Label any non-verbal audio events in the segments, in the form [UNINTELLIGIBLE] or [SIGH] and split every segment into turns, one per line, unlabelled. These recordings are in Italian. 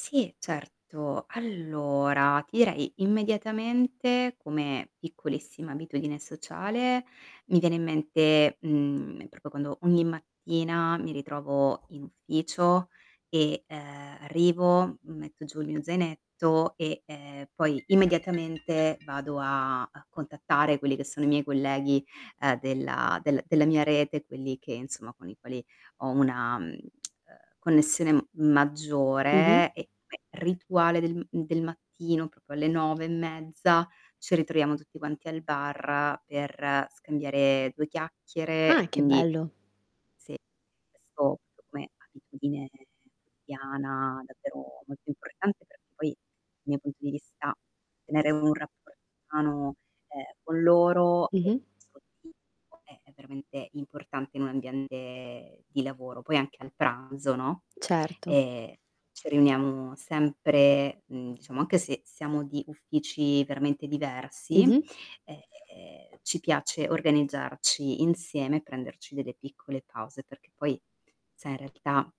Sì, certo. Allora, ti direi, immediatamente, come piccolissima abitudine sociale, mi viene in mente, mhmm, proprio quando ogni mattina mi ritrovo in ufficio e, uhm, arrivo, metto giù il mio zainetto e, ehm, poi immediatamente vado a a contattare quelli che sono i miei colleghi, uhm, della del della mia rete, quelli che, insomma, con i quali ho una, mhmm, [TSK] ehm, connessione m
Mh-mh.
maggiore e e rituale del del mattino proprio alle 9 e mezza ci ritroviamo tutti quanti al bar per scambiare 2 chiacchiere
Ah,
e
che
quindi
bello.
sì, questo come abitudine quotidiana davvero molto importante perché poi, dal mio punto di vista [UNINTELLIGIBLE] tenere un rapporto umano, ehm, con loro
Mh-mh.
è veramente importante in un ambiente di lavoro, poi anche a pranzo, no,
Certo.
ehm, ci riuniamo sempre, mhmm, diciamo anche se siamo di uffici veramente diversi,
Mh-mh.
ehm, ci piace organizzarci insieme, prenderci delle piccole pause perché poi, sai, in realtà,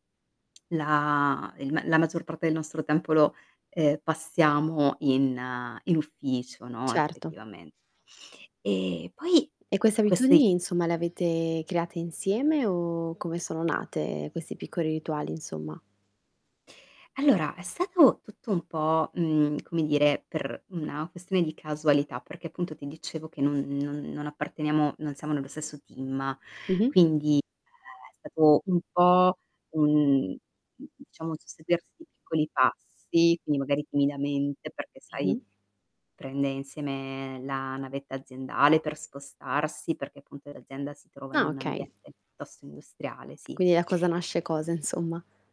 la il la maggior parte del nostro tempo lo, ehm, passiamo in in ufficio, no,
Certo.
effettivamente. E poi
E queste abitudini
questi
insomma, le avete create insieme o come sono nate questi piccoli rituali, insomma?
Allora, è stato tutto un po', mhmm, come dire, per una questione di casualità, perché appunto ti dicevo che non non non apparteniamo non siamo nello stesso team,
Mh-mh.
quindi è stato un po' un un, diciamo, un susseguirsi di piccoli passi, quindi magari timidamente, perché sai,
Mh-mh.
prende insieme la navetta aziendale per spostarsi, perché appunto l'azienda si trova in
Ah,
un
okay.
ambiente piuttosto industriale, sì.
Quindi da cosa nasce cosa, insomma?